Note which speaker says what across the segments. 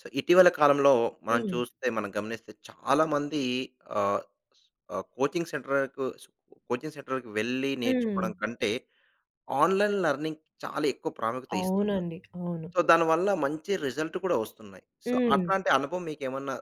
Speaker 1: So, ఇటీవల కాలంలో, మనం
Speaker 2: హ్మ్.
Speaker 1: చూస్తే, మనం గమనిస్తే చాలా మంది ఆహ్, ఆహ్, కోచింగ్ సెంటర్‌కు స్కు కోచింగ్ సెంటర్‌కి వెళ్ళి
Speaker 2: హ్మ్.
Speaker 1: నేర్చుకోవడం కంటే ఆన్‌లైన్ లెర్నింగ్‌కి చాలేక్కువ ప్రాముఖ్యత ఇస్తున్నారు.
Speaker 2: అవునండి. అవును.
Speaker 1: సో, దానివల్ల మంచి రిజల్ట్ కూడా ఒస్తున్నాయి. సో,
Speaker 2: హ్మ్.
Speaker 1: అట్లాంటి అనుభవం మీకేమన్నా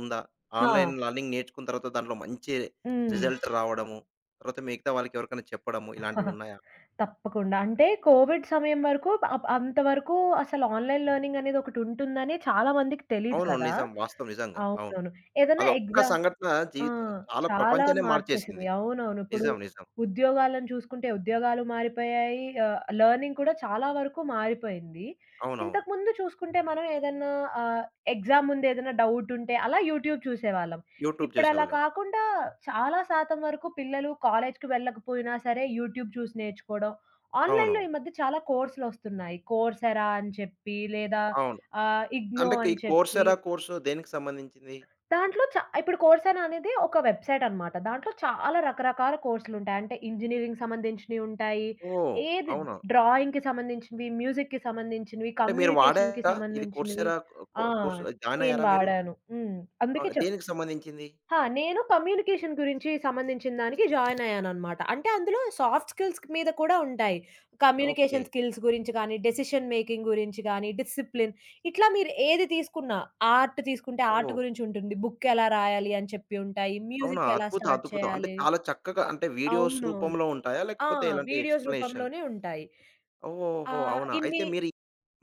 Speaker 1: ఉందా?
Speaker 2: హా!
Speaker 1: ఆన్‌లైన్ లెర్నింగ్ నేర్చుకున్న తర్వాత దాంట్లో మంచి
Speaker 2: హ్మ్.
Speaker 1: రిజల్ట్ రావడము. తర్వాత మిగతా వాళ్ళకేవరికైనా చెప్పడము ఇలాంటివున్నాయా?
Speaker 2: తప్పకుండా. అంటే కోవిడ్ సమయం వరకు అప్ అంతవరకు అసలు ఆన్‌లైన్ లెర్నింగనేది ఒకటుంటుందని చాలామందికి తెలీదు
Speaker 1: అవును.
Speaker 2: కదా
Speaker 1: నిజం. వాస్తవం, నిజంగా. అవును.
Speaker 2: అవునవును. ఏదన్నా
Speaker 1: అదొక్క
Speaker 2: ఎగ్జా
Speaker 1: సంఘటన
Speaker 2: ఆ!
Speaker 1: జీవిత చాలా
Speaker 2: చాలా
Speaker 1: ప్రపంచాన్నే
Speaker 2: మార్చేసింది.
Speaker 1: మార్చేసింది.
Speaker 2: అవునవును. ఇప్పుడు
Speaker 1: నిజం, నిజం.
Speaker 2: ఉద్యోగాలను చూసుకుంటే ఉద్యోగాలు మారిపోయాయి. ఆహ్, లెర్నింగ్ కూడా చాలా వరకు మారిపోయింది.
Speaker 1: అవునవును.
Speaker 2: ఇంతకుముందు చూసుకుంటే, మనం ఏదన్నా ఆహ్, ఎగ్జామ్ ముందు ఏదన్నా డౌటుంటే అలా యూట్యూబ్ చూసేవాళ్ళం.
Speaker 1: యూట్యూబ్
Speaker 2: ఇప్పుడలా
Speaker 1: చూసేవాళ్ళం.
Speaker 2: కాకుండా చాలా శాతం వరకు పిల్లలు కాలేజీ‌కి వెళ్ళకపోయినా సరే యూట్యూబ్ చూసి నేర్చుకోవడం, ఆన్‌లైన్‌లో
Speaker 1: అవును.
Speaker 2: ఈ మధ్య చాలా కోర్సులొస్తున్నాయి. 'కోర్స్ ఎరా' అని చెప్పి లేదా
Speaker 1: అవును.
Speaker 2: ఆహ్, 'ఇగ్నో'
Speaker 1: అంటే, ఈ
Speaker 2: అని
Speaker 1: 'కోర్స్
Speaker 2: చెప్పి
Speaker 1: ఎరా' కోర్సు దేనికి సంబంధించింది?
Speaker 2: దాంట్లో చ ఇప్పుడు 'కోర్స్ ఎరా' అనేది ఒక వెబ్‌సైటనమాట. దాంట్లో చాలా రకరకాల కోర్సులుంటాయి. అంటే, ఇంజనీరింగ్‌కి సంబంధించినయి ఉంటాయి.
Speaker 1: ఓహ్!
Speaker 2: ఏది
Speaker 1: అవునా?
Speaker 2: డ్రాయింగ్‌కి సంబంధించినవి, మ్యూజిక్‌కి సంబంధించినవి,
Speaker 1: అంటే, మీరు
Speaker 2: కమ్యూనికేషన్‌కి
Speaker 1: వాడారా? ఇది 'కోర్స్
Speaker 2: సంబంధించినవి.
Speaker 1: ఎరా' ఆహ్, కో
Speaker 2: ఆ!
Speaker 1: కోర్సు
Speaker 2: నేను
Speaker 1: జాయినయ్యారా మీరు?
Speaker 2: వాడాను. హ్మ్. అందుకే
Speaker 1: ఆహ్,
Speaker 2: చెప్
Speaker 1: దేనికి సంబంధించింది?
Speaker 2: హా! నేను కమ్యూనికేషన్ గురించి సంబంధించిన దానికి జాయినయ్యాననమాట. అంటే, అందులో సాఫ్ట్ స్కిల్స్ మీద కూడా ఉంటాయి.
Speaker 1: ఓకే.
Speaker 2: కమ్యూనికేషన్ స్కిల్స్ గురించి గానీ, డెసిషన్ మేకింగ్ గురించి గానీ, డిసిప్లిన్ ఇట్లా మీరు ఏది తీసుకున్నా ఆర్ట్ తీసుకుంటే ఆర్ట్
Speaker 1: ఓహ్!
Speaker 2: గురించుంటుంది. బుక్కెలా రాయాలి? అని చెప్పి ఉంటాయి.
Speaker 1: అవునా?
Speaker 2: మ్యూజిక్ ఎలా
Speaker 1: అద్భుత
Speaker 2: స్టార్ట్
Speaker 1: అద్భుతం! అంటే,
Speaker 2: చేయాలి
Speaker 1: చాలా చక్కగా అంటే, వీడియోస్
Speaker 2: అవునవును.
Speaker 1: రూపంలో ఉంటాయా?
Speaker 2: ఆ!
Speaker 1: లేకపోతే ఎలాంటి
Speaker 2: వీడియోస్
Speaker 1: ఎక్స్‌ప్లేనేషన్?
Speaker 2: రూపంలోనే ఉంటాయి.
Speaker 1: ఓహో!
Speaker 2: ఆహ్,
Speaker 1: అవునా? అయితే
Speaker 2: ఇన్ని
Speaker 1: మీరి,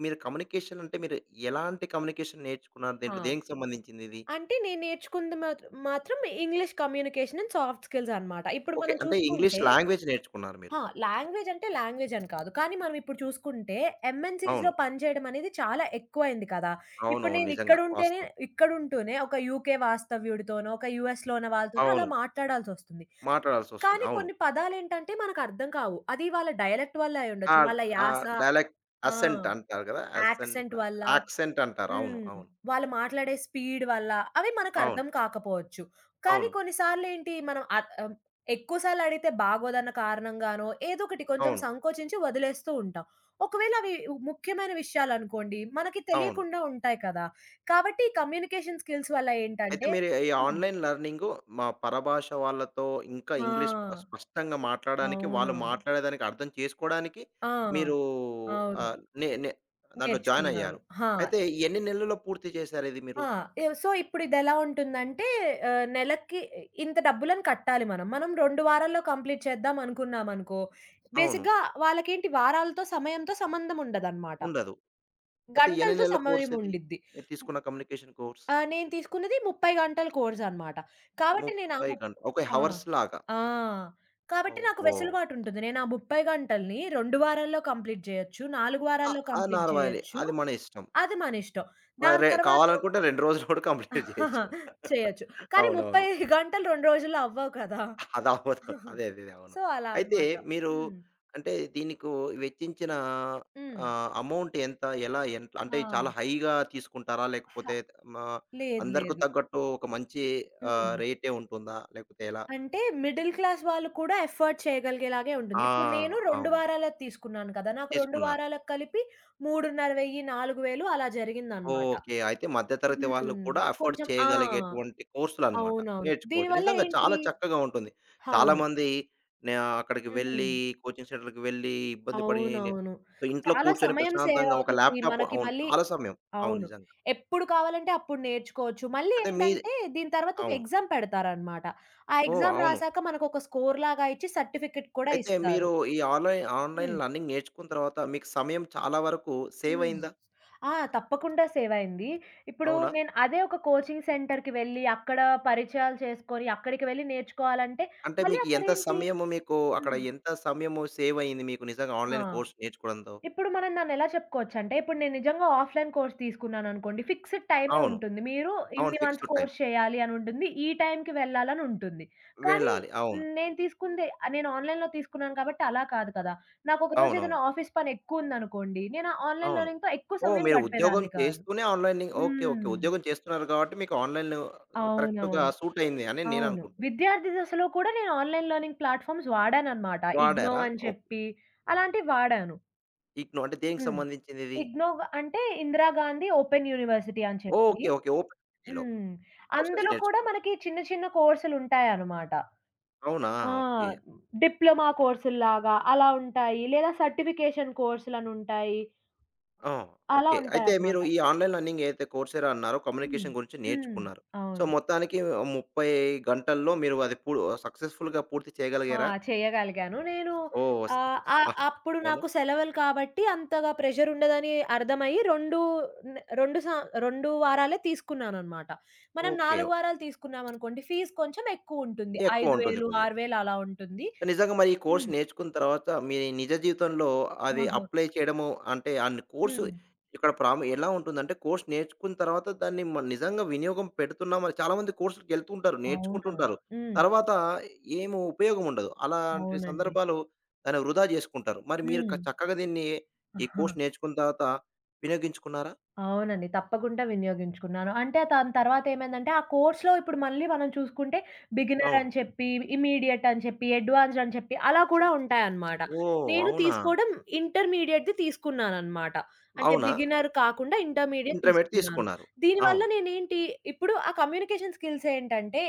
Speaker 1: మీరు కమ్యూనికేషనంటే మీరు ఎలాంటి కమ్యూనికేషన్ నేర్చుకున్నారు?
Speaker 2: ఆ!
Speaker 1: దీంట్లో దేనికి సంబంధించిందిది?
Speaker 2: అంటే నేను నేర్చుకుంది మాత్ మాత్రం English communication and soft skills అనమాట. ఇప్పుడు
Speaker 1: ఓకే.
Speaker 2: మనం
Speaker 1: అంటే, ఇంగ్లీష్
Speaker 2: చూసుకుంటే
Speaker 1: లాంగ్వేజ్ నేర్చుకున్నారు మీరు?
Speaker 2: ఆ! లాంగ్వేజ్ అంటే, లాంగ్వేజని కాదు. కానీ మనమిప్పుడు చూసుకుంటే, ఎంఎన్‌సిస్‌లో
Speaker 1: అవును.
Speaker 2: పనిచేయడమనేది చాలా ఎక్కువైంది కదా! ఇప్పుడు
Speaker 1: అవునవును.
Speaker 2: నేను
Speaker 1: నిజంగా.
Speaker 2: ఇక్కడుంటేనే,
Speaker 1: వాస్తం.
Speaker 2: ఇక్కడుంటూనే ఒక యూకే వాస్తవ్యుడితోనో ఒక యూఎస్‌లున్న వాళ్ళతోనో అలా
Speaker 1: అవును.
Speaker 2: మాట్లాడాల్సొస్తుంది.
Speaker 1: మాట్లాడాల్సొస్తుంది.
Speaker 2: కానీ,
Speaker 1: అవును.
Speaker 2: కొన్ని పదాలేంటంటే మనకర్థం కావు. అది వాళ్ళ డయలెక్ట్ వల్ల అయ్యుండొచ్చు.
Speaker 1: ఆద్
Speaker 2: వాళ్ళ
Speaker 1: ఆహ్,
Speaker 2: యాస
Speaker 1: డైలెక్ట్
Speaker 2: ఆ!
Speaker 1: అసెంట్ అంటారు కదా! అసెంట్
Speaker 2: యాక్సెంట్ వల్ల.
Speaker 1: ఆక్సెంటంటారు. అవును.
Speaker 2: హ్మ్.
Speaker 1: అవును.
Speaker 2: వాళ్ళు మాట్లాడే స్పీడ్ వల్ల, అవి
Speaker 1: అవును.
Speaker 2: మనకర్థం కాకపోవచ్చు. కానీ,
Speaker 1: అవును.
Speaker 2: కొన్నిసార్లేంటి? మనం అత్ ఆహ్, ఎక్కువసార్లడిగితే బాగోదన్న కారణంగానో ఏదోకటి కొంచెం
Speaker 1: అవును.
Speaker 2: సంకోచించి వదిలేస్తూ ఉంటాం. ఒకవేళ అవి ఉ ముఖ్యమైన విషయాలనుకోండి, మనకి
Speaker 1: అవును.
Speaker 2: తెలియకుండా ఉంటాయి కదా! కాబట్టి కమ్యూనికేషన్ స్కిల్స్ వల్ల
Speaker 1: అయితే,
Speaker 2: ఏంటంటే
Speaker 1: మీరు ఈ, ఈ
Speaker 2: హ్మ్.
Speaker 1: ఆన్‌లైన్ లెర్నింగు మా పరభాష వాళ్ళతో ఇంకా
Speaker 2: ఆ!
Speaker 1: ఇంగ్లీష్ పస్ స్పష్టంగా మాట్లాడానికి వాళ్ళు
Speaker 2: అవునవును.
Speaker 1: మాట్లాడేదానికర్థం చేసుకోవడానికి
Speaker 2: ఆ!
Speaker 1: మీరు
Speaker 2: అవును.
Speaker 1: ఆహ్, నే నే దాంట్లో
Speaker 2: నేర్చుకున్నాను.
Speaker 1: జాయినయ్యారు.
Speaker 2: హా!
Speaker 1: అయితే ఎన్ని నెలలో పూర్తి జేశారిది మీరు?
Speaker 2: ఆ! ఎవ సో, ఇప్పుడిదేలా ఉంటుందంటే ఆహ్, నెలకి ఇంత డబ్బులను కట్టాలి మనం. మనం 2 వారాల్లో కంప్లీట్ చేద్దామనుకున్నామనుకో,
Speaker 1: అవును.
Speaker 2: బేసిక్‌గా వాళ్ళకేంటి? వారాలతో, సమయంతో సంబంధం ఉండదనమాట.
Speaker 1: ఉండదు. అయితే ఎన్ని
Speaker 2: గంటలతో
Speaker 1: నెలల కోర్సిది?
Speaker 2: సమయముండిద్ది.
Speaker 1: మీరు తీసుకున్న కమ్యూనికేషన్ కోర్స్.
Speaker 2: ఆ! నేను తీసుకున్నది 30 గంటల కోర్సనమాట. కాబట్టి, నేను ఆ
Speaker 1: 30
Speaker 2: ముప్
Speaker 1: గన్ ఓకే.
Speaker 2: ఆ!
Speaker 1: హవర్స్ లాగా.
Speaker 2: ఆ! కాబట్టి నాకు
Speaker 1: ఓహో!
Speaker 2: వెసులుబాటుంటది. నేనా 30 గంటల‌ని 2 వారాల్లో కంప్లీట్ జేయొచ్చు. 4
Speaker 1: ఆహ్,
Speaker 2: వారాల్లో
Speaker 1: ఆ!
Speaker 2: కంప్లీట్
Speaker 1: 4 వారాల్లో
Speaker 2: జేయొచ్చు.
Speaker 1: అది మన ఇష్టం.
Speaker 2: అది మనిష్టం. దాని
Speaker 1: మరే!
Speaker 2: తర్వాత
Speaker 1: కావాలనుకుంటే 2 రోజుల్లో గూడా కంప్లీట్ జేయొచ్చు.
Speaker 2: చేయొచ్చు. కానీ, 30
Speaker 1: అవునవును.
Speaker 2: గంటలు 2 రోజుల్లో అవ్వవు కదా!
Speaker 1: అదవ్వదు అదే అదేదే అవును.
Speaker 2: సో, అలా
Speaker 1: అయితే,
Speaker 2: అన్నమాట.
Speaker 1: మీరు
Speaker 2: హ్మ్.
Speaker 1: అంటే, దీనికు వెచ్చించిన
Speaker 2: హ్మ్.
Speaker 1: ఆహ్, అమౌంట్ ఎంత? ఎలా ఎన్ అంటే, చాలా
Speaker 2: ఆ!
Speaker 1: హైగా తీసుకుంటారా?
Speaker 2: హా!
Speaker 1: లేకపోతే త్ మా
Speaker 2: లేదు,
Speaker 1: అందరుకు
Speaker 2: లేదు.
Speaker 1: తగ్గట్టు ఒక మంచి ఆహ్,
Speaker 2: హ్మ్.
Speaker 1: రేటే ఉంటుందా? లేకపోతే ఎలా?
Speaker 2: అంటే, మిడిల్ క్లాస్ వాళ్ళు కూడా ఎఫర్డ్ చేయగలిగేలాగే ఉంటుంది.
Speaker 1: ఆ!
Speaker 2: ఇప్పుడు నేను 2
Speaker 1: అవును.
Speaker 2: వారాలది తీసుకున్నాను కదా! నాకు 2
Speaker 1: తీసుకున్నారు.
Speaker 2: వారాలకి కలిపి 3500, 4000 అలా జరిగిందనమాట.
Speaker 1: ఓకే. అయితే మధ్య తరగతి వాళ్ళు
Speaker 2: హ్మ్.
Speaker 1: కూడా ఎఫర్డ్
Speaker 2: కొంచెం ఆ!
Speaker 1: చేయగలిగేటువంటి కోర్సులనమాట.
Speaker 2: అవునవును.
Speaker 1: నేర్చుకోవచ్చు.
Speaker 2: దీనివల్ల
Speaker 1: నిజంగా
Speaker 2: ఏంటి?
Speaker 1: చాలా చక్కగా ఉంటుంది.
Speaker 2: అవును.
Speaker 1: చాలామంది నా అక్కడికి వెళ్ళి,
Speaker 2: హ్మ్.
Speaker 1: కోచింగ్ సెంటర్‌కి వెళ్ళి, ఇబ్బంది పడి, నే
Speaker 2: అవునవును.
Speaker 1: సో ఇంట్లో
Speaker 2: చాలా
Speaker 1: కూర్చొని
Speaker 2: సమయం
Speaker 1: ప్రశాంతంగా ఒక
Speaker 2: సేవవుతుంది
Speaker 1: ల్యాప్‌టాప్
Speaker 2: మనకి
Speaker 1: అవును.
Speaker 2: మళ్ళీ
Speaker 1: చాలా సమయం. అవును
Speaker 2: అవును.
Speaker 1: నిజంగా.
Speaker 2: ఎప్పుడు కావాలంటే అప్పుడు నేర్చుకోవచ్చు. మళ్ళీ
Speaker 1: అయితే మీది
Speaker 2: ఏంటంటే, దీని తర్వాత ఒక
Speaker 1: అవును.
Speaker 2: ఎగ్జామ్ పెడతారనమాట. ఆ
Speaker 1: ఓహ్!
Speaker 2: ఎగ్జామ్
Speaker 1: అవును.
Speaker 2: రాసాక మనకొక స్కోర్‌లాగా ఇచ్చి, సర్టిఫికెట్ కూడా
Speaker 1: అయితే, మీరు
Speaker 2: ఇస్తారు.
Speaker 1: ఈ ఆన్‌లై ఆన్‌లైన్
Speaker 2: హ్మ్.
Speaker 1: లెర్నింగ్ నేర్చుకున్న తర్వాత మీకు సమయం చాలా వరకు
Speaker 2: హ్మ్.
Speaker 1: సేవైయిందా?
Speaker 2: ఆ! తప్పకుండా సేవయింది. ఇప్పుడు
Speaker 1: అవునా?
Speaker 2: నేను అదే ఒక కోచింగ్ సెంటర్‌కి వెళ్ళి, అక్కడ పరిచయాలు చేసుకొని, అక్కడికి వెళ్ళి నేర్చుకోవాలంటే
Speaker 1: అంటే,
Speaker 2: మళ్ళీ
Speaker 1: మీకి ఎంత
Speaker 2: అక్కడేంటి
Speaker 1: సమయము మీకు అక్కడ
Speaker 2: హ్మ్.
Speaker 1: ఎంత సమయము సేవైయింది మీకు నిజంగా
Speaker 2: ఆ!
Speaker 1: ఆన్‌లైన్ కోర్స్ నేర్చుకోవడంతో?
Speaker 2: ఇప్పుడు మనం దాన్నెలా చెప్పుకోవచ్చంటే, ఇప్పుడు నేను నిజంగా ఆఫ్‌లైన్ కోర్స్ తీసుకున్నానునుకోండి. ఫిక్సెడ్ టైమే
Speaker 1: అవును.
Speaker 2: ఉంటుంది. మీరు
Speaker 1: అవును
Speaker 2: ఇన్ని మంత్స్
Speaker 1: ఫిక్స్‌డ్ టైమ్.
Speaker 2: కోర్స్ చేయాలి అనుంటుంది. ఈ టైంకి వెళ్ళాలనుంటుంది. కానీ,
Speaker 1: వెళ్ళాలి. అవును.
Speaker 2: నేను తీసుకుంది ఆహ్, నేను ఆన్‌లైన్‌లో తీసుకున్నాను కాబట్టి అలా కాదు కదా! నాకు
Speaker 1: అవునవును.
Speaker 2: ఒకరోజేద‌న్నా ఆఫీస్ పనెక్కువుందనుకోండి. నేనా ఆన్‌లైన్
Speaker 1: అవును.
Speaker 2: లెర్నింగ్‌తో ఎక్కువ
Speaker 1: ఓహ్!
Speaker 2: సమయం
Speaker 1: మీరు ఉద్యోగం
Speaker 2: గడిపేదాన్ని కాదు.
Speaker 1: చేస్తూనే ఆన్‌ లెర్నింగ్ ఓకే. ఓకే.
Speaker 2: హ్మ్.
Speaker 1: ఉద్యోగం చేస్తున్నారు గాబట్టి మీకు ఆన్‌లైన్‌లు కరెక్ట్‌గా
Speaker 2: అవునవును.
Speaker 1: సూటయింది అని
Speaker 2: అవును.
Speaker 1: నేననుకుంటున్న.
Speaker 2: విద్యార్థి దశలో కూడా నేను ఆన్‌లైన్ లెర్నింగ్ ప్లాట్‌ఫామ్స్ వాడాననమాట. 'ఇగ్నో'
Speaker 1: వాడారా?
Speaker 2: అని
Speaker 1: ఓక్
Speaker 2: చెప్పి అలాంటివి వాడాను.
Speaker 1: ఇగ్నొవ్ అంటే దేనికి
Speaker 2: హ్మ్.
Speaker 1: సంబంధించిందిది?
Speaker 2: ఇగ్నోవ్ అంటే ఇందిరాగాంధీ ఓపెన్ యూనివర్సిటీ అని చెప్పి.
Speaker 1: ఓకే. ఓకే. ఓపెన్ యునివర్సిటిలో
Speaker 2: హ్మ్.
Speaker 1: కోర్సెస్
Speaker 2: అందులో కూడా
Speaker 1: నేర్చుకుంటా
Speaker 2: మనకి చిన్న చిన్న కోర్సులుంటాయనమాట.
Speaker 1: అవునా!
Speaker 2: ఆ!
Speaker 1: ఓకే.
Speaker 2: డిప్లొమా కోర్సుల్లాగా అలా ఉంటాయి. లేదా సర్టిఫికేషన్ కోర్సులనుంటాయి.
Speaker 1: ఆ!
Speaker 2: అలా
Speaker 1: ఓకే. అయితే మీరు
Speaker 2: ఉంటాయన్నమాట.
Speaker 1: ఈ ఆన్‌లైన్ లర్నింగ్ ఏదైతే కోర్సేదో అన్నారో
Speaker 2: హ్మ్.
Speaker 1: కమ్యూనికేషన్ గురించి
Speaker 2: హ్మ్.
Speaker 1: నేర్చుకున్నారు. సో,
Speaker 2: అవును.
Speaker 1: మొత్తానికి 30 గంటల్లో మీరు అది పూ సక్సెస్‌ఫుల్‌గా పూర్తి
Speaker 2: ఆ!
Speaker 1: చేయగలిగారా?
Speaker 2: చేయగలిగాను. నేను
Speaker 1: ఓహ్! వస్
Speaker 2: ఆహ్, ఆహ్,
Speaker 1: ఆహ్,
Speaker 2: అప్పుడు
Speaker 1: అవునా!
Speaker 2: నాకు సెలవులు కాబట్టి అంతగా ప్రెషరుండదని అర్థమయ్యి రెండు, న రెండు సం 2 వారాలే తీసుకున్నాననమాట. మనం
Speaker 1: ఓకే.
Speaker 2: 4 వారాలు తీసుకున్నామనుకోండి, ఫీజ్ కొంచెం ఎక్కువుంటుంది. ఐదు
Speaker 1: ఎక్కువుంటుంది
Speaker 2: వేలు
Speaker 1: కొద్దిగా.
Speaker 2: 6000 అలా ఉంటుంది.
Speaker 1: నిజంగా మరి ఈ కోర్స్
Speaker 2: హ్మ్.
Speaker 1: నేర్చుకున్న తర్వాత మీరు నిజ జీవితంలో అవి
Speaker 2: ఆహా!
Speaker 1: అప్లై చేయడము, అంటే అన్ని కోర్సు
Speaker 2: హ్మ్.
Speaker 1: ఇక్కడ ప్రము ఎలా ఉంటుందంటే కోర్స్ నేర్చుకున్న తర్వాత దాన్ని మ నిజంగా వినియోగం పెడుతున్నామా? చాలామంది కోర్సులకెళ్తుంటారు,
Speaker 2: అవునా.
Speaker 1: నేర్చుకుంటుంటారు.
Speaker 2: హ్మ్.
Speaker 1: తర్వాత ఏమి ఉపయోగం ఉండదు. అలాంటి
Speaker 2: అవునండి.
Speaker 1: సందర్భాలు, దాన్ని వృధా చేసుకుంటారు. మరి మీరు క
Speaker 2: హ్మ్.
Speaker 1: చక్కగా దీన్ని ఈ కోర్స్ నేర్చుకున్న తర్వాత వినియోగించుకున్నారా?
Speaker 2: అవునండి. తప్పకుండా వినియోగించుకున్నాను. అంటే, దాని తర్వాతేమైందంటే ఆ కోర్స్‌లో ఇప్పుడు మళ్ళీ మనం చూసుకుంటే
Speaker 1: అవును.
Speaker 2: బిగినరని చెప్పి ఇమ్మీడియటని చెప్పి, అడ్వాన్స్‌డని చెప్పి అలా కూడా ఉంటాయనమాట.
Speaker 1: ఓహ్!
Speaker 2: నేను
Speaker 1: అవునా!
Speaker 2: తీసుకోవడం ఇంటర్మీడియేట్‌ది తీసుకున్నాననమాట. అంటే,
Speaker 1: అవునా!
Speaker 2: బిగినరు కాకుండా ఇంటర్మీడియేట్
Speaker 1: ఇంటర్మీడియట్
Speaker 2: తీసుకున్నాను.
Speaker 1: తీసుకున్నారు.
Speaker 2: దీనివల్ల
Speaker 1: అవును.
Speaker 2: నేనేంటి ఇప్పుడు ఆ కమ్యూనికేషన్ స్కిల్స్ ఏంటంటే,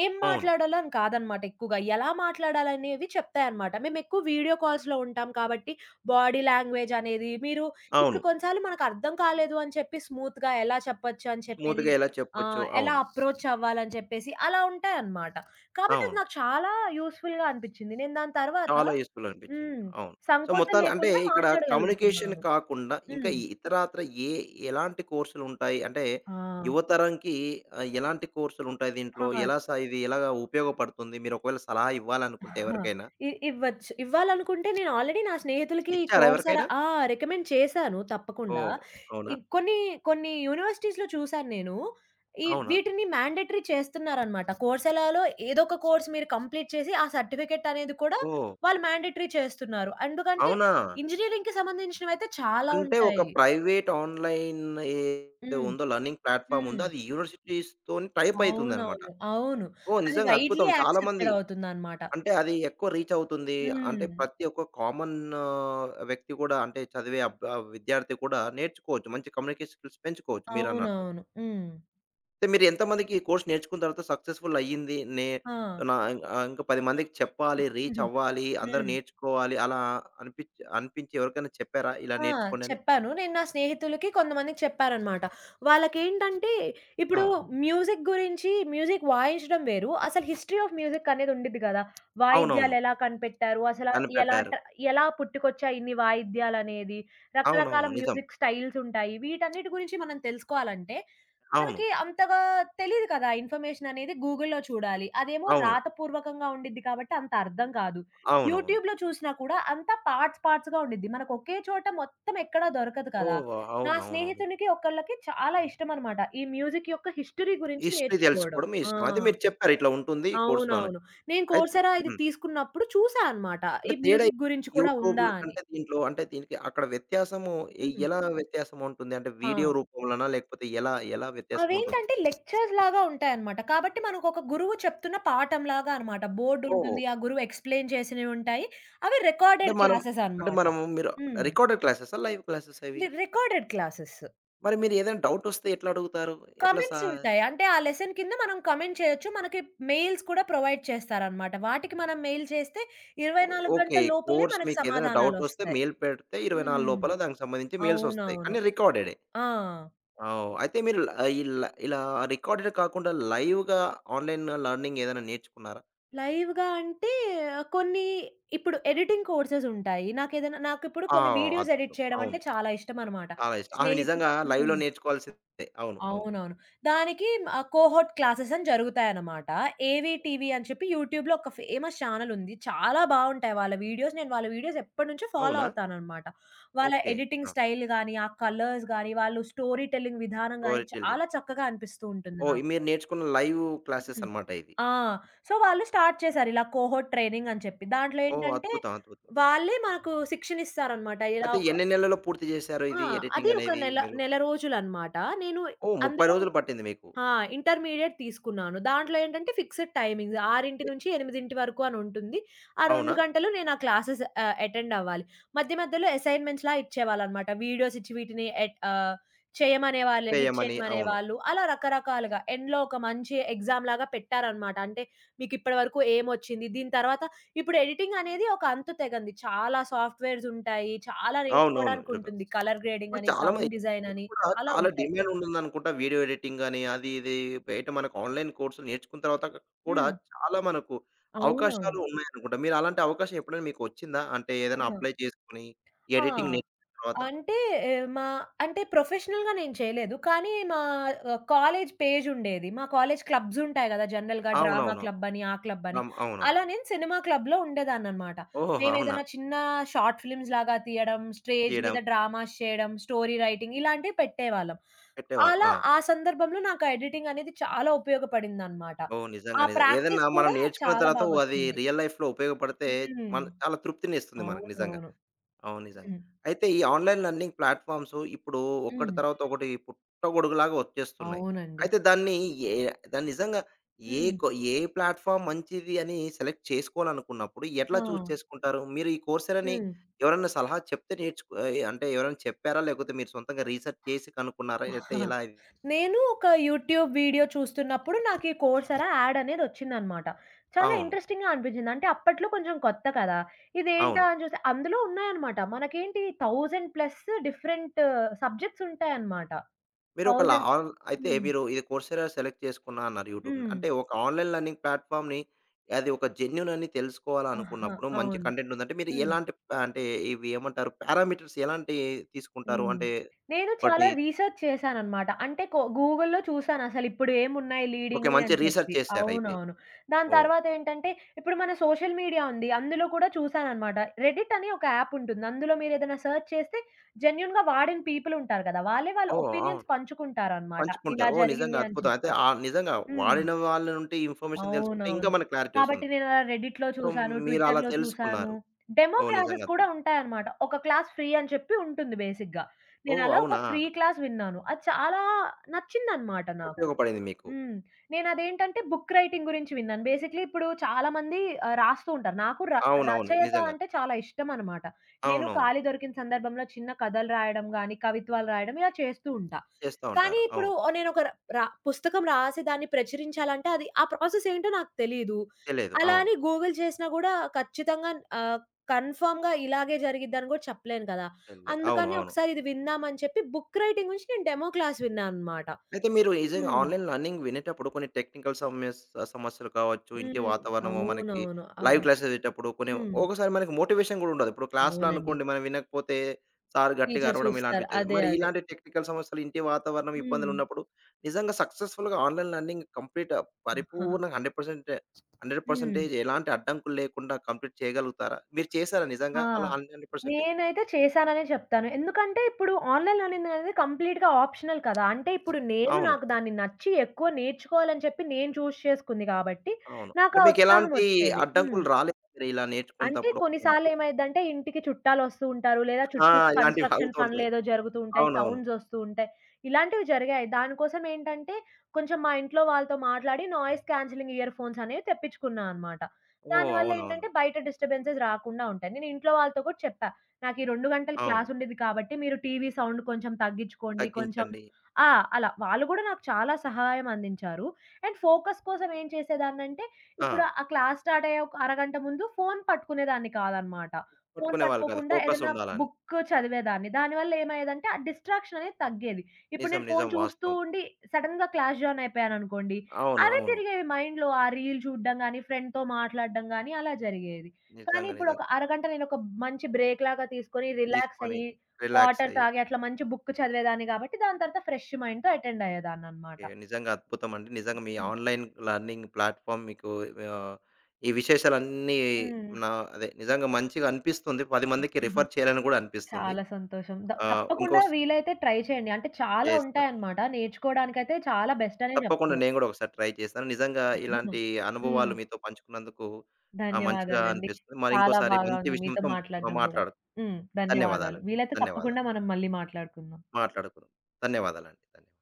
Speaker 2: ఏం
Speaker 1: అవును.
Speaker 2: మాట్లాడాలో అని కాదనమాట ఎక్కువగా. ఎలా మాట్లాడాలనేవి చెప్తాయనమాట. మేమెక్కువ వీడియో కాల్స్‌లో ఉంటాం కాబట్టి బాడీ లాంగ్వేజ్ అనేది, మీరు ఇప్పుడు
Speaker 1: అవును.
Speaker 2: కొన్నిసార్లు మనకర్థం కాలేదు అని చెప్పి స్మూత్‌గా ఎలా చెప్పొచ్చు అని చెప్పేది,
Speaker 1: స్మూత్‌గా ఎలా చెప్పొచ్చు,
Speaker 2: ఆహ్, ఎలా
Speaker 1: అవును.
Speaker 2: అప్రోచవ్వాలని చెప్పేసి అలా ఉంటాయనమాట. కాబట్టి అది
Speaker 1: అవును.
Speaker 2: నాకు చాలా యూజ్‌ఫుల్‌గా అనిపించింది. నేను దాని తర్వాత
Speaker 1: చాలా యూజ్‌ఫుల్ అనిపించింది.
Speaker 2: హ్మ్.
Speaker 1: అవును. సో,
Speaker 2: సంకోచం
Speaker 1: మొత్తానికి అంటే
Speaker 2: లేకుండా
Speaker 1: ఇక్కడ కమ్యూనికేషన్
Speaker 2: మాట్లాడగలుగుతున్నాను.
Speaker 1: కాకుండా ఇంకా
Speaker 2: హ్మ్.
Speaker 1: ఇతరాత్ర ఏ ఎలాంటి కోర్సులుంటాయి? అంటే
Speaker 2: ఆ!
Speaker 1: యువతరంకి ఆహ్, ఎలాంటి కోర్సులుంటాయి దీంట్లో?
Speaker 2: ఆ!
Speaker 1: ఎలా సా ఇది ఎలా ఉపయోగపడుతుంది? మీరు ఒకవేళ సలహా ఇవ్వాలనుకుంటే ఎవరికైనా?
Speaker 2: ఇ ఇవ్వచ్చు. ఇవ్వాలనుకుంటే నేను ఆల్రెడీ నా స్నేహితులకి
Speaker 1: ఇచ్చారా
Speaker 2: కోర్సార
Speaker 1: ఎవరికైనా!
Speaker 2: ఆ! రికమెండ్ చేశాను తప్పకుండా.
Speaker 1: ఓహ్! అవునా?
Speaker 2: ఇ కొన్ని, కొన్ని యూనివర్సిటీస్‌లో చూసాను నేను. ఈ
Speaker 1: అవునా!
Speaker 2: వీటిని మ్యాండేటరి చేస్తున్నారనమాట. కోర్సెలాలో ఏదో ఒక కోర్స్ మీరు కంప్లీట్ చేసి, ఆ సర్టిఫికెట్ అనేది కూడా
Speaker 1: ఓహ్!
Speaker 2: వాళ్ళు మ్యాండేటరి చేస్తున్నారు. ఎందుకంటే
Speaker 1: అవునా!
Speaker 2: ఇంజినీరింగికి సంబంధించినవైతే చాలా
Speaker 1: అంటే ఒక
Speaker 2: ఉంటాయి.
Speaker 1: ప్రైవేటు ఆన్‌లైన్ ఏదైతే
Speaker 2: హ్మ్.
Speaker 1: ఉందో లెర్నింగ్ ప్లాట్‌ఫార్మ్
Speaker 2: హ్మ్.
Speaker 1: ఉందో అది యూనివర్సిటీస్‌తోని టైపయితుందనమాట.
Speaker 2: అవునవును. అవును.
Speaker 1: ఓహ్!
Speaker 2: అది
Speaker 1: నిజంగా
Speaker 2: వైడ్లీ
Speaker 1: అద్భుతం. చాలామంది
Speaker 2: యాక్సెప్టెడవుతుందనమాట.
Speaker 1: అంటే అది ఎక్కువ రీచవుతుంది. అంటే
Speaker 2: హ్మ్.
Speaker 1: ప్రతి ఒక్క కామను వ్యక్తి కూడా అంటే చదివే అబ విద్యార్థి కూడా నేర్చుకోవచ్చు. మంచి కమ్యూనికేషన్ స్కిల్స్ పెంచుకోవచ్చు మీరన్నట్టు.
Speaker 2: అవునవును. హ్మ్.
Speaker 1: అంటే మీరు ఎంతమందికి ఈ కోర్స్ నేర్చుకున్న తర్వాత సక్సెస్‌ఫుల్ అయ్యింది నే
Speaker 2: ఆ!
Speaker 1: నా ఇ ఇంకా 10 మందికి చెప్పాలి. రీచ్
Speaker 2: హుహు.
Speaker 1: అవ్వాలి. అందరూ
Speaker 2: హ్మ్.
Speaker 1: నేర్చుకోవాలి. అలా అనిపిచి అనిపించి ఎవరికైనా చెప్పారా? ఇలా
Speaker 2: ఆ!
Speaker 1: నేర్చుకోండి అని?
Speaker 2: చెప్పాను. నేను నా స్నేహితులకి కొంతమందికి చెప్పారనమాట. వాళ్ళకేంటంటే, ఇప్పుడు
Speaker 1: ఆ!
Speaker 2: మ్యూజిక్ గురించి మ్యూజిక్ వాయించడం వేరు. అసలు హిస్టరీ ఆఫ్ మ్యూజిక్ అనేది ఉండిద్ది కదా!
Speaker 1: అవునవును.
Speaker 2: వాయిద్యాలు ఎలా కనిపెట్టారు, అసల ఎలా ట
Speaker 1: కనిపెట్టారు.
Speaker 2: ఎలా పుట్టుకొచ్చాయి ఇన్ని వాయిద్యాలనేది. రకరకాల
Speaker 1: అవునవును. నిజం.
Speaker 2: మ్యూజిక్ స్టైల్స్ ఉంటాయి. వీటన్నిటి గురించి మనం తెలుసుకోవాలంటే,
Speaker 1: అవును.
Speaker 2: మనకి అంతగా తెలీదు కదా! ఇన్ఫర్మేషన్ అనేది గూగుల్‌లో చూడాలి. అదేమో
Speaker 1: అవును.
Speaker 2: రాతపూర్వకంగా ఉండిద్ది కాబట్టి అంత అర్థం కాదు.
Speaker 1: అవునవును.
Speaker 2: యూట్యూబ్‌లో చూసినా కూడా అంత పార్ట్స్ పార్ట్స్‌గా ఉండిద్ది. మనకు ఒకే చోట మొత్తం ఎక్కడ దొరకదు కదా!
Speaker 1: ఓహ్!
Speaker 2: నా
Speaker 1: అవునవునవును.
Speaker 2: స్నేహితునికి ఒకళ్ళకి చాలా ఇష్టం అనమాట. ఈ మ్యూజిక్ యొక్క హిస్టరీ గురించి
Speaker 1: హిస్టరీ
Speaker 2: నేర్చుకోవడం.
Speaker 1: తెలుసుకోవడం మీ
Speaker 2: ఆ!
Speaker 1: ఇష్టం. అది మీరు చెప్పారు ఇట్లా ఉంటుంది కోర్సులో అని.
Speaker 2: అవునవును. నేను
Speaker 1: అయితే
Speaker 2: కోర్సెరా ఇది
Speaker 1: హ్మ్.
Speaker 2: తీసుకున్నప్పుడు చూసా అనమాట. ఈ
Speaker 1: అంటే తేడా ఏంటి?
Speaker 2: మ్యూజిక్ గురించి కూడా ఉందా
Speaker 1: యూట్యూబ్‌లో
Speaker 2: అని.
Speaker 1: కంటే దీంట్లో అంటే దీనికి అక్కడ వ్యత్యాసము ఎ
Speaker 2: హ్మ్.
Speaker 1: ఎలా వ్యత్యాసం ఉంటుంది? అంటే వీడియో
Speaker 2: హా!
Speaker 1: రూపంలోనా? లేకపోతే ఎలా ఎలా వ్యత్యాసం ఉంటుంది?
Speaker 2: అవేంటంటే, లెక్చర్ లాగా ఉంటాయనమాట. కాబట్టి మనకొక గురువు చెప్తున్న పాఠంలాగా అనమాట. బోర్డు
Speaker 1: ఓహ్!
Speaker 2: ఉంటుంది ఆ గురువు ఎక్స్‌ప్లెయిన్ చేసినవి ఉంటాయి. అవి
Speaker 1: అంటే
Speaker 2: రికార్డెడ్
Speaker 1: మనం
Speaker 2: క్లాసెస్.
Speaker 1: అంటే
Speaker 2: అనమాట.
Speaker 1: మనము మీరు
Speaker 2: హ్మ్.
Speaker 1: రికార్డెడు క్లాసెసా? లైవు క్లాసెసా ఇవి?
Speaker 2: ఇది రికార్డెడు క్లాసెసు.
Speaker 1: మరి మీరు ఏదైనా డౌటొస్తే ఎట్లా అడుగుతారు? ఎట్లా స
Speaker 2: కామెంట్స్ ఉంటాయి. అంటే, ఆ లెసన్ కింద మనం కామెంట్ చేయొచ్చు. మనకి మెయిల్స్ కూడా ప్రొవైడ్ చేస్తారనమాట. వాటికి మనం మెయిల్ చేస్తే ఇరవై
Speaker 1: ఓ
Speaker 2: నాలుగు
Speaker 1: ఓకే.
Speaker 2: గంటల లోపలే
Speaker 1: కోర్స్
Speaker 2: మనకు
Speaker 1: మీకేదైనా
Speaker 2: సమాధానాలు
Speaker 1: డౌటొస్తే
Speaker 2: వస్తాయి.
Speaker 1: మెయిల్ పెడితే 24
Speaker 2: హ్మ్.
Speaker 1: లోపల దానికి సంబంధించి మెయిల్స్ వస్తాయి
Speaker 2: అవునవును.
Speaker 1: అన్నీ రికార్డెడే.
Speaker 2: ఆ!
Speaker 1: అవ్ అయితే, మీరు ఇల్ ఇలా రికార్డెడ్ కాకుండా లైవ్‌గా ఆన్‌లైన్ లెర్నింగ్ ఏదైనా నేర్చుకున్నారా?
Speaker 2: లైవ్‌గా అంటే, కొన్ని ఇప్పుడు ఎడిటింగ్ కోర్సెస్ ఉంటాయి. నాకేదైనా నాకిప్పుడు
Speaker 1: ఆ!
Speaker 2: కొన్ని వీడియోస్
Speaker 1: అద్భుతం.
Speaker 2: ఎడిట్ చేయడం
Speaker 1: అవును.
Speaker 2: అంటే చాలా ఇష్టం అనమాట.
Speaker 1: చాలా ఇష్టం. అవి
Speaker 2: స్నేహితు
Speaker 1: నిజంగా లైవ్‌లో
Speaker 2: హ్మ్.
Speaker 1: నేర్చుకోవాల్సిందే. అవును. అవును.
Speaker 2: అవునవును. దానికి ఆహ్, కోహోర్ట్ క్లాసెస్ అని జరుగుతాయనమాట. 'ఏవీ టీవీ' అని చెప్పి యూట్యూబ్‌లో ఒక ఫేమస్ ఛానెల్ ఉంది. చాలా బావుంటాయి వాళ్ళ వీడియోస్ నేను వాళ్ళ వీడియోస్ ఎప్పటినుంచో ఫాలో
Speaker 1: అవునా!
Speaker 2: అవుతాననమాట. వాళ్ళ
Speaker 1: ఓకే.
Speaker 2: ఎడిటింగ్
Speaker 1: ఆ!
Speaker 2: స్టైల్ గాని, ఆ కలర్స్ గాని, వాళ్ళు స్టోరీ టెల్లింగ్ విధానం గాని,
Speaker 1: స్టోరీ టెల్లింగ్.
Speaker 2: చాలా చక్కగా అనిపిస్తూ ఉంటుంది
Speaker 1: ఓహ్! ఈ
Speaker 2: నాకు.
Speaker 1: మీరు నేర్చుకున్న లైవ్ క్లాసెస్
Speaker 2: హ్మ్.
Speaker 1: అనమాట ఇది.
Speaker 2: ఆ! సో వాళ్ళు స్టార్ట్ చేశారు ఇలా కోహోర్ట్ ట్రైనింగ్ అని చెప్పి. దాంట్లో
Speaker 1: ఓహ్!
Speaker 2: ఏంటంటే,
Speaker 1: అద్భుతం. అద్భు
Speaker 2: వాళ్ళే మాకు శిక్షణ ఇస్తారనమాట ఇలా
Speaker 1: అయితే,
Speaker 2: ఒక
Speaker 1: ఎన్ని నెలల్లో పూర్తి చేశారు
Speaker 2: ఆ!
Speaker 1: ఇది ఎడిటింగ్
Speaker 2: అది ఒక
Speaker 1: అనేది
Speaker 2: నెల
Speaker 1: మీరు?
Speaker 2: నెల రోజులనమాట. నేను
Speaker 1: ఓహ్! 30
Speaker 2: అందులో
Speaker 1: రోజులు పట్టింది మీకు.
Speaker 2: ఆ! ఇంటర్మీడియేట్ తీసుకున్నాను. దాంట్లో ఏంటంటే ఫిక్స్‌డ్ టైమింగ్స్ ఆరింటి
Speaker 1: పె
Speaker 2: నుంచి ఎనిమిదింటి వరుకు అని ఉంటుంది. ఆ 2
Speaker 1: అవునా!
Speaker 2: గంటలు నేనా క్లాసెస్ ఆహ్, అటెండ్ అవ్వాలి. మధ్య మధ్యలో అసైన్‌మెంట్స్‌‌లా ఇచ్చేవాళ్ళనమాట. వీడియోస్ ఇచ్చి వీటిని ఎట్ ఆహ్, చేయమనేవాళ్ళు ఎడిట్
Speaker 1: చేయమని, అవును.
Speaker 2: చేయమనేవాళ్ళు అలా రకరకాలుగా. ఎండ్‌లో ఒక మంచి ఎగ్జామ్ లాగా పెట్టారనమాట. అంటే మీకిప్పటి వరకు ఏమొచ్చింది? దీని తర్వాత ఇప్పుడు ఎడిటింగ్ అనేది ఒక అంతు తెగంది. చాలా సాఫ్ట్‌వేర్స్ ఉంటాయి. చాలా
Speaker 1: అవునవును.
Speaker 2: నేర్చుకోవడానికి
Speaker 1: నిజంగా!
Speaker 2: ఉంటుంది. కలర్ గ్రేడింగ్
Speaker 1: ఇప్పుడు
Speaker 2: అని,
Speaker 1: చాలామంది
Speaker 2: సౌండ్ డిజైన్
Speaker 1: దీనికి
Speaker 2: అని,
Speaker 1: కూడా
Speaker 2: చాలా
Speaker 1: చాలా
Speaker 2: ఉంటాయి.
Speaker 1: డిమాండ్ ఉండుందనుకుంటా. వీడియో ఎడిటింగ్ అని అది ఇది బయట మనకు ఆన్‌లైన్ కోర్స్ నేర్చుకున్న తర్వాత కూడా
Speaker 2: హ్మ్.
Speaker 1: చాలా మనకు అవకాశాలు
Speaker 2: అవునవును.
Speaker 1: ఉన్నాయనుకుంటా. మీరలాంటి అవకాశం ఎప్పుడైనా మీకొచ్చిందా? అంటే, ఏదైనా
Speaker 2: హ్మ్.
Speaker 1: అప్లై చేసుకొని
Speaker 2: ఆ!
Speaker 1: ఎడిటింగ్ నేర్చుకున్న తర్వాత?
Speaker 2: అంటే ఎ మా అంటే, ప్రొఫెషనల్‌గా నేను చేయలేదు. కానీ, మా ఆహ్, కాలేజ్ పేజ్ ఉండేది. మా కాలేజ్ క్లబ్స్ ఉంటాయి గదా! జనరల్‌గా డ్రామా
Speaker 1: అవునవును.
Speaker 2: క్లబ్ అని, ఆ క్లబ్ అని,
Speaker 1: నం అవునవును.
Speaker 2: అలా నేను సినిమా క్లబ్‌లో ఉండేదాన్ననమాట.
Speaker 1: ఓహోహో! అవునా!
Speaker 2: మేమేదైనా చిన్న షార్ట్ ఫిలిమ్స్‌‌ లాగా తీయడం, స్టేజ్
Speaker 1: తీయడం.
Speaker 2: మీద డ్రామాస్ చేయడం, స్టోరీ రైటింగ్, ఇలాంటివి పెట్టేవాళ్ళం.
Speaker 1: పెట్టేవాళ్ళు.
Speaker 2: అలా
Speaker 1: ఆ!
Speaker 2: ఆ సందర్భంలో నాక ఎడిటింగ్ అనేది చాలా ఉపయోగపడిందనమాట.
Speaker 1: ఓహ్! నిజంగా!
Speaker 2: ఆ
Speaker 1: నిజంగా! ఏదన్నా
Speaker 2: ప్రాక్టీస్
Speaker 1: మనం
Speaker 2: కూడా
Speaker 1: నేర్చుకున్న
Speaker 2: చాలా
Speaker 1: తర్వాత ఓహ్! అది
Speaker 2: బాగొచ్చింది.
Speaker 1: రియల్ లైఫ్‌లో ఉపయోగపడితే,
Speaker 2: హ్మ్.
Speaker 1: మన్ చాలా తృప్తినిస్తుంది మనకు నిజంగా.
Speaker 2: అవునవును.
Speaker 1: అవును నిజంగా.
Speaker 2: హ్మ్.
Speaker 1: అయితే, ఈ ఆన్‌లైన్ లెర్నింగ్ ప్లాట్‌ఫామ్స్ ఇప్పుడు ఒకటి
Speaker 2: హ్మ్.
Speaker 1: తర్వాత ఒకటి పుట్టగొడుగులాగా ఒచ్చేస్తున్నాయి.
Speaker 2: అవునండి.
Speaker 1: అయితే దాన్ని యే దాన్ని నిజంగా ఏ
Speaker 2: హ్మ్.
Speaker 1: కొ ఏ ప్లాట్‌ఫామ్ మంచిది అని సెలెక్ట్ చేసుకోవాలనుకున్నప్పుడు ఎట్లా చూజ్
Speaker 2: ఆ!
Speaker 1: చేసుకుంటారు. మీరు ఈ కోర్స్‌ ఎరానీ?
Speaker 2: హ్మ్.
Speaker 1: ఎవరైనా సలహా చెప్తే నేర్చుకో అది అంటే ఎవరైనా చెప్పారా? లేపోతే మీరు సొంతంగా రీసెర్చ్ చేసి కనుకున్నారా? లేతే ఎలా అవి?
Speaker 2: నేను ఒక యూట్యూబ్ వీడియో చూస్తున్నప్పుడు నాకు ఈ కోర్స్ ఎరా యాడ్ అనేది ఒచ్చిందనమాట. చాలా
Speaker 1: అవును.
Speaker 2: ఇంట్రెస్టింగ్‌గా అనిపించింది. అంటే అప్పట్లో కొంచెం కొత్త కదా! ఇదేంటా
Speaker 1: అవును.
Speaker 2: అని చూస్తే, అందులో ఉన్నాయనమాట. మనకేంటి 1000 ప్లస్ డిఫరెంట్ సబ్జెక్ట్స్ ఉంటాయనమాట.
Speaker 1: మీరొకవేళ
Speaker 2: 1000
Speaker 1: ఆల్ అయితే
Speaker 2: హ్మ్.
Speaker 1: మీరు ఇది కోర్స్ ఎరా సెలెక్ట్ చేసుకున్నా అన్నారు యూట్యూబ్‌ని. అంటే,
Speaker 2: హ్మ్.
Speaker 1: ఒక ఆన్‌లైన్ లెర్నింగ్ ప్లాట్‌ఫామ్‌ని అది ఒక జెన్యూన్ అని
Speaker 2: ఆహా!
Speaker 1: తెలుసుకోవాలనుకున్నప్పుడు, మంచి
Speaker 2: అవును.
Speaker 1: కంటెంట్ ఉందంటే, మీరు
Speaker 2: హ్మ్.
Speaker 1: ఎలాంటి ప అంటే ఇవి ఏమంటారు, పారామీటర్స్ ఎలాంటియి తీసుకుంటారు
Speaker 2: హ్మ్.
Speaker 1: అంటే,
Speaker 2: నేను చాలా
Speaker 1: అప్పటియి?
Speaker 2: రీసెర్చ్ చేశాననమాట. అంటే, కో గూగుల్‌లో చూశాను అసలు ఇప్పుడు ఏమున్నాయి
Speaker 1: ఓకే.
Speaker 2: లీడింగ్‌వి
Speaker 1: మంచి
Speaker 2: అని
Speaker 1: రీసెర్చ్
Speaker 2: చెప్పి.
Speaker 1: చేశారైతే.
Speaker 2: అవునవును. దాని
Speaker 1: ఓహ్!
Speaker 2: తర్వాతేంటంటే, ఇప్పుడు మన సోషల్ మీడియా ఉంది అందులో కూడా చూశాననమాట. రెడ్డిట్ అని ఒక యాప్ ఉంటుంది. అందులో మీరు ఏదైనా సెర్చ్ చేస్తే, జెన్యూన్‌గా వాడిన పీపుల్ ఉంటారు గదా! వాళ్ళే వాళ్ళు
Speaker 1: ఓహ్!
Speaker 2: ఒపీనియన్స్
Speaker 1: అవును.
Speaker 2: పంచుకుంటారనమాట.
Speaker 1: పంచుకుంటారు.
Speaker 2: "ఇలా
Speaker 1: ఓహ్! నిజంగా
Speaker 2: జరిగింది" అని
Speaker 1: అద్భుతం. అయితే,
Speaker 2: జెప్పి.
Speaker 1: ఆ! నిజంగా
Speaker 2: హ్మ్.
Speaker 1: వాడిన వాళ్ళ నుండి ఇన్ఫర్మేషన్ తెలుసుకుంటే, ఇంకా
Speaker 2: అవునవును.
Speaker 1: మనకి క్లారిటీ
Speaker 2: కాబట్టి,
Speaker 1: వస్తుంది.
Speaker 2: నేనలా రెడ్డిట్‌లో
Speaker 1: సో
Speaker 2: చూశాను,
Speaker 1: మీరు అలా
Speaker 2: ట్విట్టర్‌లో చూశాను.
Speaker 1: తెలుసుకున్నారు.
Speaker 2: డెమో
Speaker 1: ఓహ్!
Speaker 2: క్లాసెస్
Speaker 1: నిజంగా
Speaker 2: కూడా
Speaker 1: అద్భుతం.
Speaker 2: ఉంటాయనమాట. ఒక క్లాస్ ఫ్రీ అని చెప్పి ఉంటుంది బేసిక్‌గా.
Speaker 1: ఓహ్!
Speaker 2: నేనలా ఒక
Speaker 1: అవునా!
Speaker 2: ఫ్రీ క్లాస్ విన్నాను. అది చాలా నచ్చిందనమాట నాకు.
Speaker 1: ఉపయోగపడింది మీకు.
Speaker 2: హ్మ్. నేను అదేంటంటే, బుక్ రైటింగ్ గురించి విన్నాను. బేసికల్లీ ఇప్పుడు చాలామంది ఆహ్, రాస్తూ ఉంటారు. నాకు ర
Speaker 1: అవునవును.
Speaker 2: రచయత
Speaker 1: నిజంగా!
Speaker 2: అంటే చాలా ఇష్టం అనమాట. నేను
Speaker 1: అవునవును.
Speaker 2: ఖాళీ దొరికిన సందర్భంలో చిన్న కథలు రాయడం గాని, కవిత్వాలు రాయడం, ఇలా చేస్తూ ఉంటా.
Speaker 1: చేస్తా
Speaker 2: కానీ,
Speaker 1: ఉంటారు.
Speaker 2: ఇప్పుడు
Speaker 1: అవును.
Speaker 2: ఓ నేనొకరా రా పుస్తకం రాసి దాన్ని ప్రచురించాలంటే, అది ఆ ప్రాసెస్ ఏంటో నాకు తెలీదు.
Speaker 1: తెలీదు.
Speaker 2: అలా
Speaker 1: అవును.
Speaker 2: అని గూగుల్ చేసినా గూడా, ఖచ్చితంగా ఆహ్, కన్ఫర్మ్‌గా ఇలాగే జరిగిద్దని గూడా చెప్పలేను కదా!
Speaker 1: అంతే. అవును.
Speaker 2: అందుకని
Speaker 1: అవును.
Speaker 2: ఒకసారి ఇది విందామని చెప్పి, బుక్ రైటింగ్ నుంచి నేను డెమో క్లాస్ విన్నా అనమాట.
Speaker 1: అయితే మీరు నిజంగా
Speaker 2: హ్మ్.
Speaker 1: ఆన్‌లైన్ లెర్నింగ్ వినేటప్పుడు కొన్ని టెక్నికల్ సమయస్ ఆ! సమస్యలు కావచ్చు, ఇంటి
Speaker 2: హ్మ్.
Speaker 1: వాతావరణము, మనకి
Speaker 2: అవునవును.
Speaker 1: లైవ్
Speaker 2: అది.
Speaker 1: క్లాసెస్ వినేటప్పుడు కొన్ని
Speaker 2: హ్మ్.
Speaker 1: ఒక్కోసారి మనకి మోటివేషన్ గూడా ఉండాలి. ఇప్పుడు క్లాస్‌లో
Speaker 2: అవునండి.
Speaker 1: అనుకోండి, మనం వినకపోతే సార్ గట్టిగా
Speaker 2: టీచరు
Speaker 1: అరవడం ఇలా
Speaker 2: చూస్తారు.
Speaker 1: అనిపిచ్చేది.
Speaker 2: అదే
Speaker 1: మరి
Speaker 2: అదే.
Speaker 1: ఇలాంటి టెక్నికల్ సమస్యలు, ఇంటి వాతావరణం,
Speaker 2: హ్మ్.
Speaker 1: ఇబ్బందులున్నప్పుడు నిజంగా సక్సెస్‌ఫుల్‌గా ఆన్‌లైన్ లెర్నింగ్ కంప్లీట్ పరిపూర్ణంగా హండ్రెడ్ పర్సంటే హండ్రెడ్
Speaker 2: హ్మ్.
Speaker 1: పర్సంటేజ్ ఎలాంటి అడ్డంకులు లేకుండా కంప్లీట్ చేయగలుగుతారా? మీరు చేశారా నిజంగా
Speaker 2: ఆ!
Speaker 1: అలా 100 పర్సంటేజ్?
Speaker 2: నేనైతే చేశాననే చెప్తాను. ఎందుకంటే, ఇప్పుడు ఆన్‌లైన్ లెర్నింగ్ అనేది కంప్లీట్‌గా ఆప్షనల్ కదా! అంటే, ఇప్పుడు నేను
Speaker 1: అవును.
Speaker 2: నాకు దాన్ని నచ్చి, ఎక్కువ నేర్చుకోవాలని చెప్పి, నేను చూజ్ చేసుకుంది గాబట్టి,
Speaker 1: అవును. అంటే,
Speaker 2: నాకా ఉత్సాహం
Speaker 1: మీకెలాంటి
Speaker 2: ఒచ్చేది. హ్మ్.
Speaker 1: అడ్డంకులు రాలేవా మీరు ఇలా
Speaker 2: అంటే,
Speaker 1: నేర్చుకునేటప్పుడు?
Speaker 2: కొన్నిసార్లు ఏమైద్దంటే ఇంటికి చుట్టాలొస్తూ ఉంటారు, లేదా
Speaker 1: ఆ!
Speaker 2: చుట్టూ
Speaker 1: ఇలాంటివి
Speaker 2: కన్‌స్ట్రక్షన్
Speaker 1: అవుతూ
Speaker 2: పనులే
Speaker 1: ఉంటయి.
Speaker 2: ఏదో జరుగుతూ ఉంటాయి,
Speaker 1: అవునవును.
Speaker 2: సౌండ్స్ వస్తూ ఉంటాయి, ఇలాంటివి జరిగాయి. దానికోసం ఏంటంటే, కొంచెం మా ఇంట్లో వాళ్ళతో మాట్లాడి, నాయిస్ క్యాన్సిలింగ్ ఇయర్ ఫోన్స్ అనేవి తెప్పిచుకున్నా అనమాట.
Speaker 1: ఓహ్!
Speaker 2: దానివల్ల
Speaker 1: అవునవును.
Speaker 2: ఏంటంటే, బయట డిస్టర్బెన్సెస్ రాకుండా ఉంటాయి. నేనింట్లో వాళ్ళతో కూడా చెప్పా. "నాకు ఈ 2 గంటలు
Speaker 1: అవును.
Speaker 2: క్లాస్ ఉండిద్ది కాబట్టి, మీరు టీవీ సౌండు కొంచెం తగ్గిచుకోండి కొంచెం"
Speaker 1: తగ్గించండి.
Speaker 2: ఆ! అలా వాళ్ళు కూడా నాకు చాలా సహాయం అందించారు. అండ్ ఫోకస్ కోసం ఏం చేసేదాన్నంటే, ఇప్పుడు
Speaker 1: ఆ!
Speaker 2: ఆ క్లాస్ స్టార్ట్ అయ్యే ఒక అరగంట ముందు ఫోను పట్టుకునేదాన్ని కాదనమాట. ఫోను
Speaker 1: పట్టుకునేవాళ్ళు కాదు
Speaker 2: పట్టుకోకుండా
Speaker 1: ఫోకస్
Speaker 2: ఏదైనా
Speaker 1: ఉండాలని.
Speaker 2: బుక్ చదివేదాన్ని. దానివల్ల ఏమయ్యేదంటే, ఆ డిస్ట్రాక్షన్ అనేది తగ్గేది. ఇప్పుడు
Speaker 1: నిజం.
Speaker 2: నేను ఫోను
Speaker 1: నిజం.
Speaker 2: చూస్తూ
Speaker 1: వాస్తవం.
Speaker 2: ఉండి, సడెన్‌గా క్లాస్ జాయిన్ అయిపోయాననుకోండి,
Speaker 1: అవును.
Speaker 2: అవే
Speaker 1: అవును.
Speaker 2: తిరిగేవి మైండ్‌లో. ఆ రీల్ జూడ్డం గాని, ఫ్రెండ్‌తో మాట్లాడ్డం గాని, అలా జరిగేది. కానీ,
Speaker 1: నిజంగా! నిజంగా!
Speaker 2: ఇప్పుడొక అరగంట నేనొక మంచి బ్రేక్ లాగా తీసుకొని, రిలాక్స్
Speaker 1: తీసుకొని,
Speaker 2: అయ్యి,
Speaker 1: రిలాక్స్
Speaker 2: వాటర్
Speaker 1: అయ్యి.
Speaker 2: తాగి, అట్లా మంచి బుక్ చదివేదాన్ని గాబట్టి, దాని తర్వాత ఫ్రెష్ మైండ్‌తో అటెండ్ అయ్యేదాన్ననమాట.
Speaker 1: ఓకే. నిజంగా అద్భుతమండి. నిజంగా మీ ఆన్‌లైన్ లెర్నింగ్ ప్లాట్‌ఫామ్ మీకు ఆహ్, ఈ విశేషాలన్నీ
Speaker 2: హ్మ్.
Speaker 1: నా అదే నిజంగా మంచిగా అనిపిస్తుంది. 10 మందికి రిఫర్ చేయాలని గూడా అనిపిస్తుంది.
Speaker 2: చాలా సంతోషం. ద
Speaker 1: ఆ!
Speaker 2: తప్పకుండా
Speaker 1: ఇంకోస్
Speaker 2: వీలైతే ట్రై చేయండి. అంటే, చాలా
Speaker 1: చేస్తారు.
Speaker 2: ఉంటాయనమాట నేర్చుకోవడానికైతే చాలా బెస్ట్ అనే
Speaker 1: తప్పకుండా
Speaker 2: చెప్పుకోవచ్చు.
Speaker 1: నేను గూడా ఒకసారి ట్రై చేస్తాను. నిజంగా ఇలాంటి
Speaker 2: హ్మ్.
Speaker 1: అనుభవాలు మీతో పంచుకున్నందుకు ఆ! మంచిగా
Speaker 2: ధన్యవాదాలండి.
Speaker 1: అనిపిస్తుంది. మరి
Speaker 2: చాలా
Speaker 1: ఇంకోసారి
Speaker 2: బాగా
Speaker 1: మంచి
Speaker 2: ఉంది మీతో
Speaker 1: విషయంతో ఆ!
Speaker 2: మాట్లాడ్డం గూడా.
Speaker 1: మాట్లాడు
Speaker 2: హ్మ్. ధన్యవాదాలు.
Speaker 1: ధన్యవాదాలండి.
Speaker 2: వీలైతే
Speaker 1: ధన్యవాదాలు.
Speaker 2: తప్పకుండా మనం మళ్ళీ మాట్లాడుకుందాం.
Speaker 1: మాట్లాడుకుందాం. ధన్యవాదాలండి. ధన్య